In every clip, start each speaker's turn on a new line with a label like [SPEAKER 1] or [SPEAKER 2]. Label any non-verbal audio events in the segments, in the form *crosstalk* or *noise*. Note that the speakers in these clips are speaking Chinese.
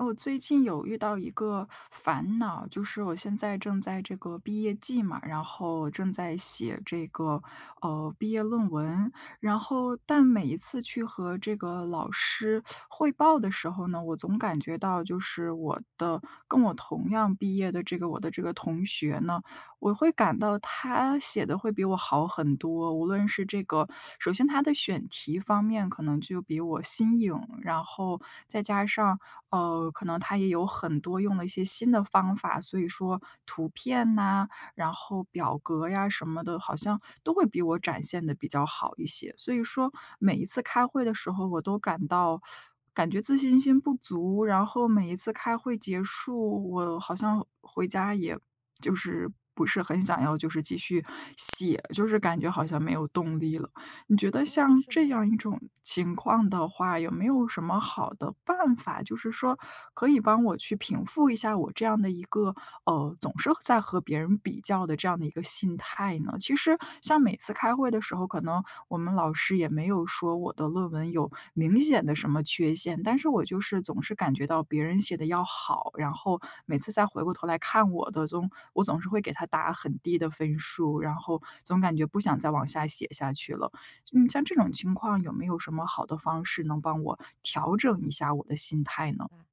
[SPEAKER 1] 哦，最近有遇到一个烦恼，就是我现在正在这个毕业季嘛，然后正在写这个，呃，毕业论文，然后但每一次去和这个老师汇报的时候呢我总感觉到就是我的跟我同样毕业的这个我的这个同学呢，我会感到他写得会比我好很多，无论是这个首先他的选题方面可能就比我新颖，然后再加上，呃，可能他也有很多用了一些新的方法，所以说图片哪，然后表格呀什么的，好像都会比我展现得比较好一些。所以说每一次开会的时候我都感到 *sucks teeth* 感觉自信心不足，然后每一次开会结束，我好像回家也就是不是很想要就是继续写，就是感觉好像没有动力了。你觉得
[SPEAKER 2] 哦，
[SPEAKER 1] 像
[SPEAKER 2] 是
[SPEAKER 1] 这
[SPEAKER 2] 吗？
[SPEAKER 1] 样一种情况的话，有没有什么好的办法？就是说可以帮我去平复一下我这样的一个，呃，总是在和别人比较的这样的一个心态呢？其实像每次开会的时候，可能我们老师也没有说我的论文有明显的什么缺陷，但是我就是总是感觉到别人写得要好，然后每次再回过头来看我的总我总是会给他打很低的分数，然后总感觉不想再往下写下去了。嗯，像这种情况有没有什么好的方式能帮我调整一下我的心态
[SPEAKER 2] 明
[SPEAKER 1] 呢？
[SPEAKER 2] 白。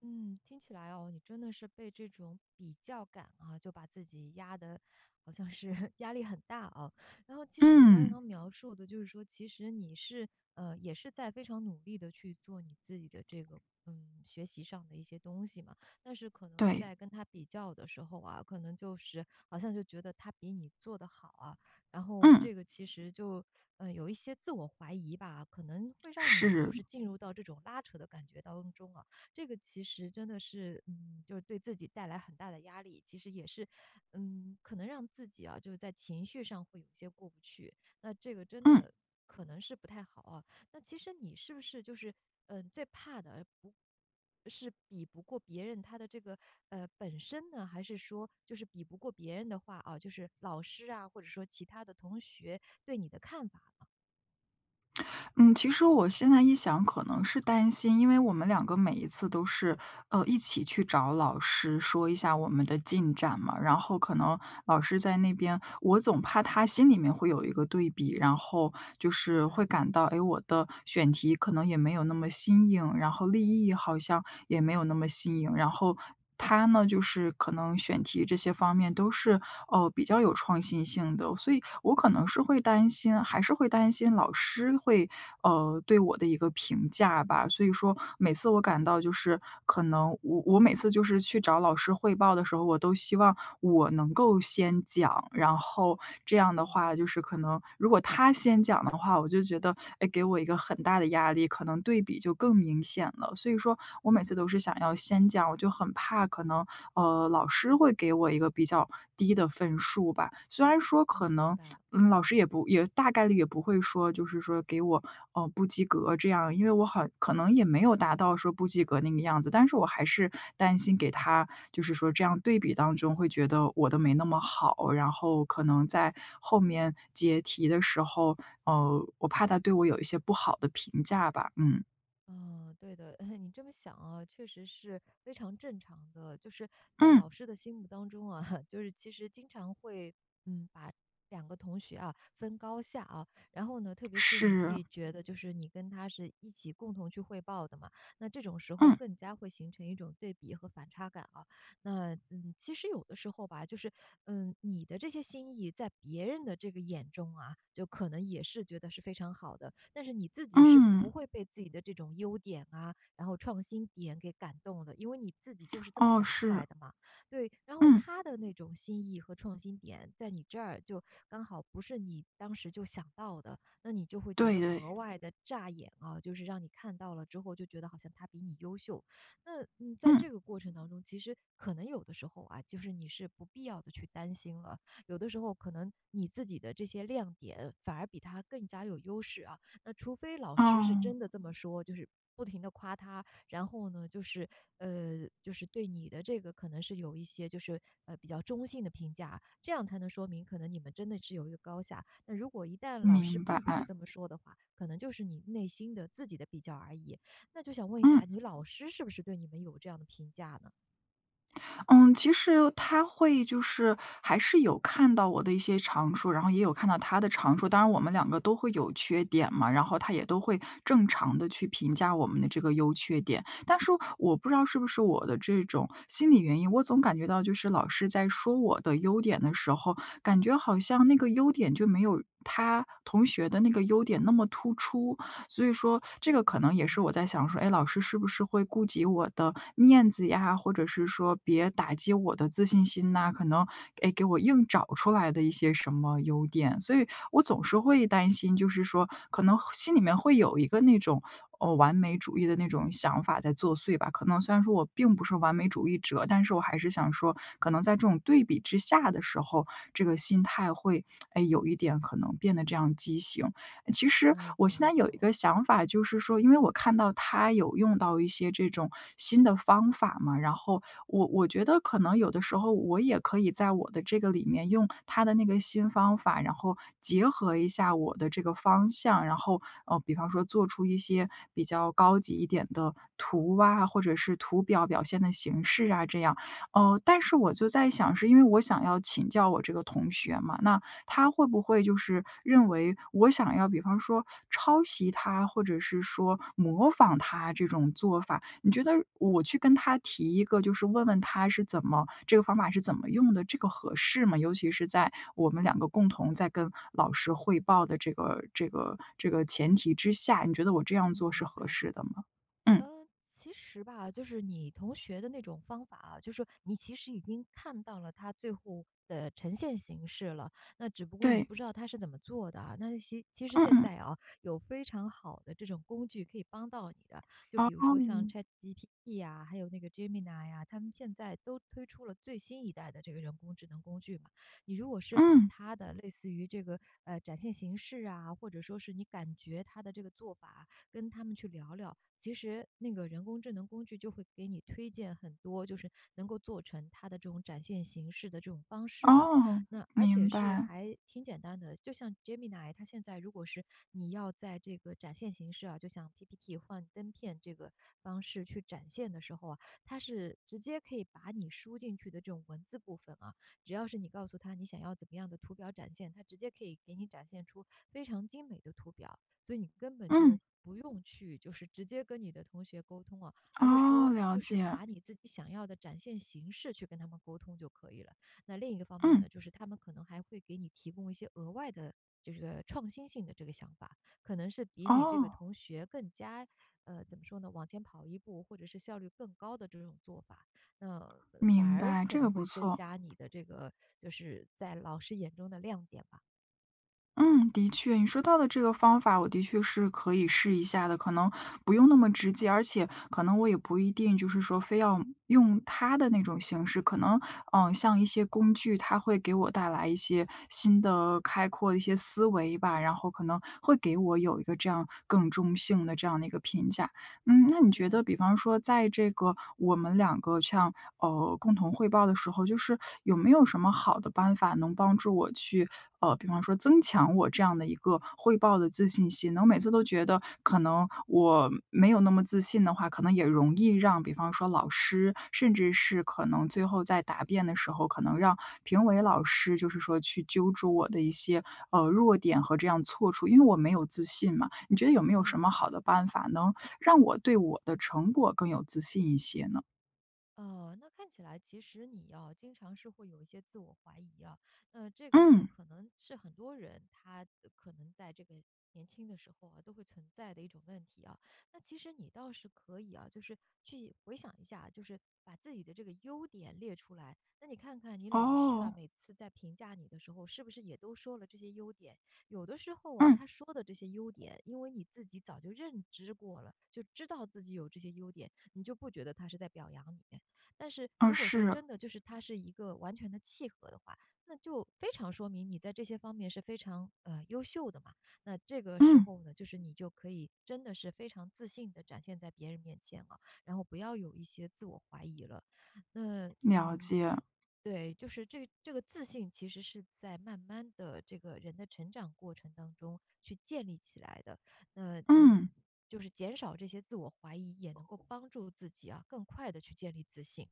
[SPEAKER 2] 嗯，听起来啊，你真的是被这种比较感啊，就把自己压得好像是压力很大啊。然后其实你刚
[SPEAKER 1] 嗯。
[SPEAKER 2] 刚描述的就是说，其实你是，呃，也是在非常努力地去做你自己的这个，嗯，学习上的一些东西嘛，但是可能
[SPEAKER 1] 对。
[SPEAKER 2] 在跟他比较的时候啊，可能就是好像就觉得他比你做得好啊，然后
[SPEAKER 1] 嗯。
[SPEAKER 2] 这个其实就，呃，有一些自我怀疑吧，可能会让你就
[SPEAKER 1] 是。
[SPEAKER 2] 是进入到这种拉扯的感觉当中啊，这个其实真的是，嗯，就是对自己带来很大的压力。其实也是，嗯，可能让自己啊，就是在情绪上会有些过不去。那这个真
[SPEAKER 1] 嗯。
[SPEAKER 2] 的可能是不太好啊。那其实你是不是就是，呃，最怕的，不是比不过别人他的这个，呃，本身呢？还是说就是比不过别人的话啊，就是老师啊，或者说其他的同学对你的看法呢？
[SPEAKER 1] *smacks lips* 嗯，其实我现在一想可能是担心，因为我们两个每一次都是，呃，一起去找老师说一下我们的进展嘛。然后可能老师在那边，我总怕他心里面会有一个对比，然后就
[SPEAKER 2] 明
[SPEAKER 1] 是会
[SPEAKER 2] 白。
[SPEAKER 1] 感到，哎，我的选题可能也没有那么新颖，然后立意好像也没有那么新颖，然后他呢就是可能选题这些方面都是，哦，比较有创新性的。所以我可能是会担心，还是会担心老师会，呃，对我的一个评价吧，所以说每次我感到就是可能我我每次就是去找老师汇报的时候，我都希望我能够先讲。然后这样的
[SPEAKER 2] 明
[SPEAKER 1] 话
[SPEAKER 2] 白。
[SPEAKER 1] 就是可能如果他先讲的话，我就觉得，哎，给我一个很大的压力，可能对比就更明显了。所以说我每次都是想要先讲，我就很怕可能，呃，老师会给我一个比较低的分数吧。虽然说
[SPEAKER 2] 嗯，
[SPEAKER 1] 可
[SPEAKER 2] 明
[SPEAKER 1] 能，
[SPEAKER 2] 白了。
[SPEAKER 1] 嗯，老师也不，也大概率也不会说就是说给我，呃，不及格这样。因为我很可能也没有达到说不及格那个样子，但是我还是担心给他，就是说这样对比当中会觉得我的没那么好。然后可能在后面结题的时候，呃，我怕他对我有一些不好的评价吧，嗯。
[SPEAKER 2] 哦，对的。*laughs* 你这么想啊，确实是非常正常的。就是在老
[SPEAKER 1] 嗯。
[SPEAKER 2] 师的心目当中啊，就是其实经常会，嗯，把两个同学啊分高下，啊。然后呢，特别是你自
[SPEAKER 1] 是。
[SPEAKER 2] 己觉得就是你跟他是一起共同去汇报的嘛，那这种时候
[SPEAKER 1] 嗯。
[SPEAKER 2] 更加会形成一种对比和反差感啊。那，嗯，其实有的时候吧，就是，嗯，你的这些新意在别人的这个眼中啊，就可能也是觉得是非常好的。但是你自己是不
[SPEAKER 1] 嗯。
[SPEAKER 2] 会被自己的这种优点啊，然后创新点给感动的，因为你自己就是这么
[SPEAKER 1] 哦，
[SPEAKER 2] 想出来
[SPEAKER 1] 是。
[SPEAKER 2] 的嘛。对，然后
[SPEAKER 1] 嗯。
[SPEAKER 2] 他的那种新意和创新点在你这儿就刚好不是你当时就想到的，那你就会觉
[SPEAKER 1] 对，
[SPEAKER 2] 得
[SPEAKER 1] 对。
[SPEAKER 2] 格外地炸眼啊，就是让你看到了之后就觉得好像他比你优秀。那，嗯，在
[SPEAKER 1] 嗯。
[SPEAKER 2] 这个过程当中，其实可能有的时候啊，就是你是不必要地去担心了。有的时候可能你自己的这些亮点反而比他更加有优势啊。那除非老师是
[SPEAKER 1] 哦。
[SPEAKER 2] 真的这么说，就是不停地夸他，然后呢，就是呃，就是对你的这个可能是有一些就是，呃，比较中性的评价，这样才能说明可能你们真的是有一个高下。那如果一旦老师
[SPEAKER 1] 明白，
[SPEAKER 2] 并不是
[SPEAKER 1] 嗯。
[SPEAKER 2] 这么说的话，可能就是你内心的自己的比较而已。那就想问一下，
[SPEAKER 1] 嗯。
[SPEAKER 2] 你老师是不是对你们有这样的评价呢？
[SPEAKER 1] *smacks lips* 嗯，其实他会就是还是有看到我的一些长处，然后也有看到他的长处，当然我们两个都会有缺点嘛。然后他也都会正常地去评价我们的这个优缺点。但是我不知道是不是我的这种心理原因，我总感觉到就是老师在说我的优点的时候，感觉好像那个优点就没有他同学的那个优点那么突出。所以说这
[SPEAKER 2] 嗯，
[SPEAKER 1] 个可能
[SPEAKER 2] 明
[SPEAKER 1] 也是
[SPEAKER 2] 白。
[SPEAKER 1] 我在想说：“哎，老师是不是会顾及我的面子呀，或者是说别打击我的自信心哪，可能，哎，给我硬找出来的一些什么优点。”所以我总是会担心，就是说可能心里面会有一个，哦，那种完美主义的那种想法在作祟吧。可能虽然说我并不是完美主义者，但是我还是想说，可能在这种对比之下的时候，这个心态会，哎，有一点可能变得这样畸形。其实
[SPEAKER 2] 嗯，
[SPEAKER 1] 我
[SPEAKER 2] 懂
[SPEAKER 1] 现
[SPEAKER 2] 了，
[SPEAKER 1] 在
[SPEAKER 2] 懂
[SPEAKER 1] 有一个
[SPEAKER 2] 了。
[SPEAKER 1] 想法就是说，因为我看到他有用到一些这种新的方法嘛，然后我我觉得可能有的时候我也可以在我的这个里面用他的那个新方法，然后结合一下我的这个方向，然后，呃，比方说做出一些比较高级一点的图啊，或者是图表表现的形式啊这样。呃，但是我就在想，是因为我想要请教我这个同学嘛，那他会不会就是认为我想要比方说抄袭他，或者是说模仿他这种做法。你觉得我去跟他提一个就是问问他是怎么这个方法是怎么用的，这个合适吗？尤其是在我们两个共同在跟老师汇报的这个这个这个前提之下，你觉得我这样
[SPEAKER 2] 嗯，
[SPEAKER 1] 做是
[SPEAKER 2] 明
[SPEAKER 1] 合
[SPEAKER 2] 白。
[SPEAKER 1] 适的吗？嗯。
[SPEAKER 2] 呃，其实吧，就是你同学的那种方法啊，就说你其实已经看到了他最后的呈现形式了，那只不过你
[SPEAKER 1] 对。
[SPEAKER 2] 不知道他是怎么做的啊。那其其实
[SPEAKER 1] 嗯
[SPEAKER 2] 现
[SPEAKER 1] 嗯。
[SPEAKER 2] 在啊，有非常好的这种工具可以帮到你的，就比如说像
[SPEAKER 1] 哦。
[SPEAKER 2] ChatGPT 啊，还有那个 Gemini 呀，他们现在都推出了最新一代的这个人工智能工具嘛。你如果是把
[SPEAKER 1] 嗯。
[SPEAKER 2] 它的类似于这个，呃，展现形式啊，或者说是你感觉它的这个做法啊，跟它们去聊聊，其实那个人工智能工具就会给你推荐很多，就是能够做成它的这种展现形式的这种方式的，
[SPEAKER 1] 哦，
[SPEAKER 2] 那而且
[SPEAKER 1] 明
[SPEAKER 2] 是
[SPEAKER 1] 白。
[SPEAKER 2] 还挺简单的。就像 Gemini 它现在如果是你要在这个展现形式啊，就像 PPT 幻灯片这个方式去展现的时候啊，它是直接可以把你输进去的这种文字部分啊-只要是你告诉它你想要怎么样的图表展现-它直接可以给你展现出非常精美的图表。所以你根本就
[SPEAKER 1] 嗯。
[SPEAKER 2] 不用去，就是直接跟你的同学沟通啊，而是说，
[SPEAKER 1] 哦，了
[SPEAKER 2] 就是
[SPEAKER 1] 解。
[SPEAKER 2] 把你自己想要的展现形式去跟他们沟通就可以了。那另一个方面
[SPEAKER 1] 嗯。
[SPEAKER 2] 呢，就是它们可能还会给你提供一些额外的这个创新性的这个想法，可能是比你这个
[SPEAKER 1] 哦。
[SPEAKER 2] 同学更加，呃，怎么说呢？往前跑一步，或者是效率更高的这种做法，那反
[SPEAKER 1] 明
[SPEAKER 2] 而
[SPEAKER 1] 白，
[SPEAKER 2] 可
[SPEAKER 1] 这个
[SPEAKER 2] 能会
[SPEAKER 1] 不
[SPEAKER 2] 增
[SPEAKER 1] 错。
[SPEAKER 2] 加你的这个就是在老师眼中的亮点吧。
[SPEAKER 1] 嗯，的确。你说到的这个方法我的确是可以试一下的，可能不用那么直接，而且可能我也不一定就是说非要用他的那种形式。可能，呃，像一些工具，它会给我带来一些新的开阔的一些思维吧，然后可能会给我有一个这样更中性的这样的一个评价。嗯，那你觉得
[SPEAKER 2] 对。
[SPEAKER 1] 比方说在这个我们两个像呃，共同汇报的时候，就是有没有什么好的办法能帮助我去，呃，比方说增强我这样的一个汇报的自信心呢？我每次都觉得可能我没有那么自信的话可能也容易让比方说老师，甚至是可能最后在答辩的时候，可能让评委老师就是说去揪住我的一些，呃，弱点和这样错处，因为我没有自信嘛。你觉得有没有
[SPEAKER 2] 啊，
[SPEAKER 1] 什
[SPEAKER 2] 明
[SPEAKER 1] 么好
[SPEAKER 2] 白。
[SPEAKER 1] 的办法能让我对我的成果更有自信一些呢？
[SPEAKER 2] 哦，那看起来其实你，哦，经常是会有一些自我怀疑啊。那这个呢
[SPEAKER 1] 嗯。
[SPEAKER 2] 可能是很多人他可能在这个年轻的时候啊，都会存在的一种问题啊。那其实你倒是可以啊，就是去回想一下，就是把自己的这个优点列出来。那你看看你老师啊，
[SPEAKER 1] 哦。
[SPEAKER 2] 每次在评价你的时候是不是也都说了这些优点。有的时候啊，他
[SPEAKER 1] 嗯。
[SPEAKER 2] 说的这些优点，因为你自己早就认知过了，就知道自己有这些优点，你就不觉得他是在表扬你。但是
[SPEAKER 1] 呃，
[SPEAKER 2] 如果说
[SPEAKER 1] 是。
[SPEAKER 2] 真的就是他是一个完全地契合的话，那就非常说明你在这些方面是非常，呃，优秀的嘛。那这个时
[SPEAKER 1] 嗯。
[SPEAKER 2] 候呢，就是你就可以真的是非常自信地展现在别人面前了，然后不要有一些自我怀疑了。那，
[SPEAKER 1] 了
[SPEAKER 2] 嗯
[SPEAKER 1] 解。
[SPEAKER 2] 对，就是这这个自信其实是在慢慢地这个人的成长过程当中去建立起来的。那，嗯，
[SPEAKER 1] 嗯。
[SPEAKER 2] 就是减少这些自我怀疑也能够帮助自己啊，更快地去建立自信。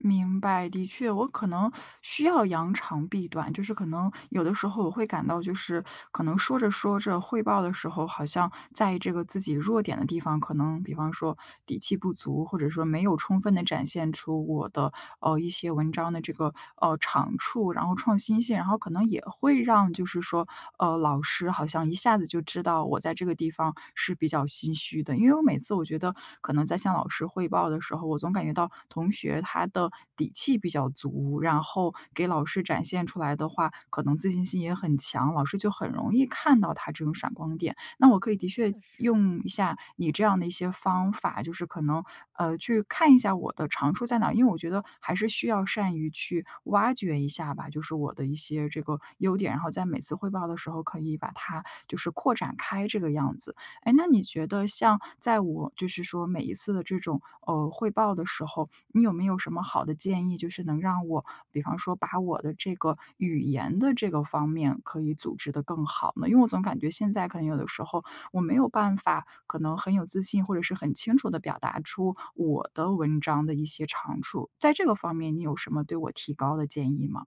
[SPEAKER 1] 明白。的确，我可能需要扬长避短，就是可能有的时候我会感到就是，可能说着说着汇报的时候，好像在这个自己弱点的地方，可能比方说底气不足，或者说没有充分地展现出我的，呃，一些文章的这个，呃，长处，然后创新性然后可能也会让，就是说，呃，老师好像一下子就知道我在这个地方是比较心虚的。因为我每次我觉得可能在向老师汇报的时候，我总感觉到同学他的底气比较足，然后给老师展现出来的话，可能自信心也很强，老师就很容易看到他这种闪光点。那我可以
[SPEAKER 2] 嗯，
[SPEAKER 1] 的
[SPEAKER 2] 真
[SPEAKER 1] 确
[SPEAKER 2] 的是。
[SPEAKER 1] 用一下你这样的一些方法，就是可能，呃，去看一下我的长处在哪儿，因为我觉得还是需要善于去挖掘一下吧，就是我的一些这个优点，然后在每次汇报的时候可以把它就是扩展开这个样子。诶，那你觉得像在我就是说每一次的这种，呃，汇报的时候，你有没有什么好的建议，就是能让我比方说把我的这个语言的这个方面可以组织得更好呢？因为我总感觉现在可能有的时候我没有办法，可能很有自信，或者是很清楚地表达出我的文章的一些长处。在这个方面，你有什么对我提高的建议吗？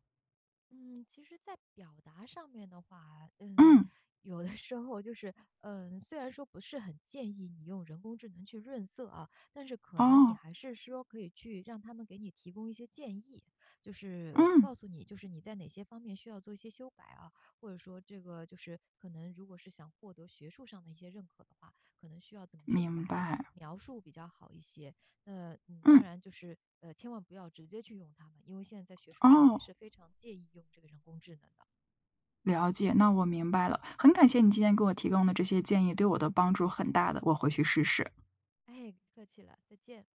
[SPEAKER 2] 嗯，其实在表达上面的话，嗯，
[SPEAKER 1] 嗯。
[SPEAKER 2] 有的时候就是呃，虽然说不是很建议你用人工智能去润色啊，但是可能你
[SPEAKER 1] 哦。
[SPEAKER 2] 还是说可以去让它们给你提供一些建议，就是
[SPEAKER 1] 嗯。
[SPEAKER 2] 告诉你，就是你在哪些方面需要做一些修改啊，或者说这个就是可能如果是想获得学术上的一些认可的话，可能需要怎么去
[SPEAKER 1] 明
[SPEAKER 2] 改、
[SPEAKER 1] 白。
[SPEAKER 2] 描述比较好一些。那，嗯，当
[SPEAKER 1] 嗯。
[SPEAKER 2] 然就是，呃，千万不要直接去用它，因为现在在学术上面
[SPEAKER 1] 哦。
[SPEAKER 2] 是非常介意用这个人工智能的。
[SPEAKER 1] 了解，那我明白了，很感谢你今天给我提供的这些建议，对我的帮助很大的，我回去试试。
[SPEAKER 2] 哎，客气了，再见。